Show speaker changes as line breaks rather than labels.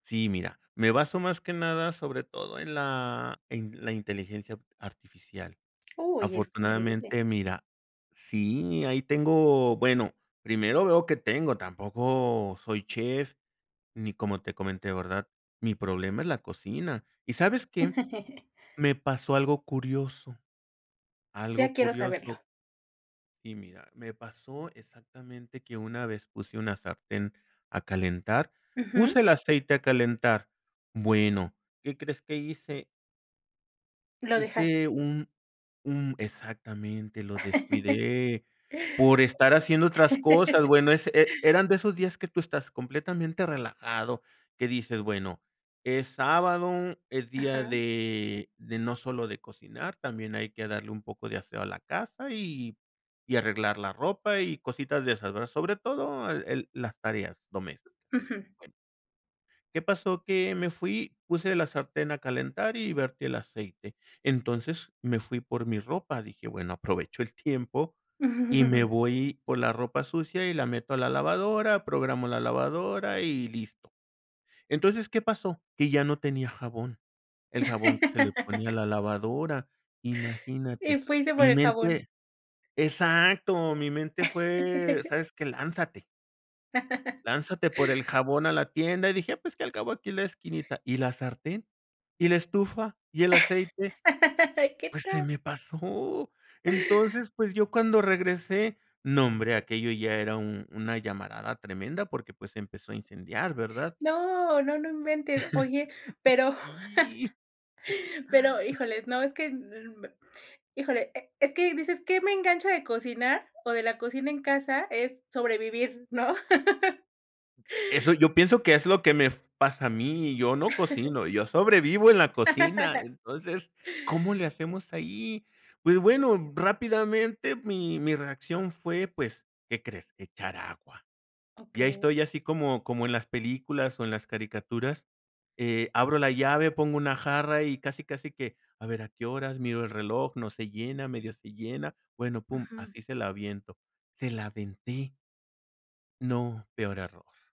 Sí, mira, me baso, más que nada, sobre todo en la en la inteligencia artificial.
Uy, es increíble.
Afortunadamente, mira sí, ahí tengo, bueno, primero veo que tengo, tampoco soy chef, ni como te comenté, ¿verdad? Mi problema es la cocina, ¿y sabes qué? Me pasó algo curioso, algo
Ya quiero saberlo.
curioso. Sí, mira, me pasó exactamente que una vez puse una sartén a calentar,
Ujú.
puse el aceite a calentar. Bueno, ¿qué crees que hice?
Lo dejaste.
Hice un un exactamente, lo descuidé por estar haciendo otras cosas, bueno, ese e eran de esos días que tú estás completamente relajado, que dices, bueno, es sábado, es día
Ajá.
de de no solo de cocinar, también hay que darle un poco de aseo a la casa, y y arreglar la ropa, y cositas de esas, ¿verdad? Sobre todo el el las tareas domésticas.
Ujú.
Bueno. ¿Qué pasó? Que me fui, puse la sartén a calentar y vertí el aceite. Entonces me fui por mi ropa, dije: "Bueno, aprovecho el tiempo y me voy por la ropa sucia, y la meto a la lavadora, programo la lavadora y listo". Entonces, ¿qué pasó? Que ya no tenía jabón, el jabón que se le ponía a la lavadora.
Y
Imagínate,
fuiste por
mi
el jabón.
mente exacto. Mi mente fue: "¿Sabes qué? Lánzate". Lánzate por el jabón a la tienda y dije: "Pues, qué, al acabó aquí la esquinita". ¿Y la sartén? ¿Y la estufa? ¿Y el aceite?
¿Qué
Pues, se
tal?
me pasó. Entonces, pues, yo cuando regresé, no, hombre, aquello ya era un una llamarada tremenda porque, pues, se empezó a incendiar, ¿verdad?
No, no, no inventes. Oye, pero,
Sí.
pero, híjoles, no, es que, mm, híjole, e es que dices: "¿Qué me engancha de cocinar o de la cocina en casa? ¿Es sobrevivir, no?"
Eso yo pienso que es lo que me f pasa a mí, yo no cocino, yo sobrevivo en la cocina. Entonces, ¿cómo le hacemos ahí? Pues, bueno, rápidamente mi mi reacción fue, pues, ¿qué crees? Echar agua. Y ahí
Okey.
estoy así como como en las películas, o, en las caricaturas, eh, abro la llave, pongo una jarra y casi, casi que, a ver, ¿a qué horas? Miro el reloj, no se llena, medio se llena, bueno, pum,
Ujú.
así se la aviento, se la aventé. No, peor error.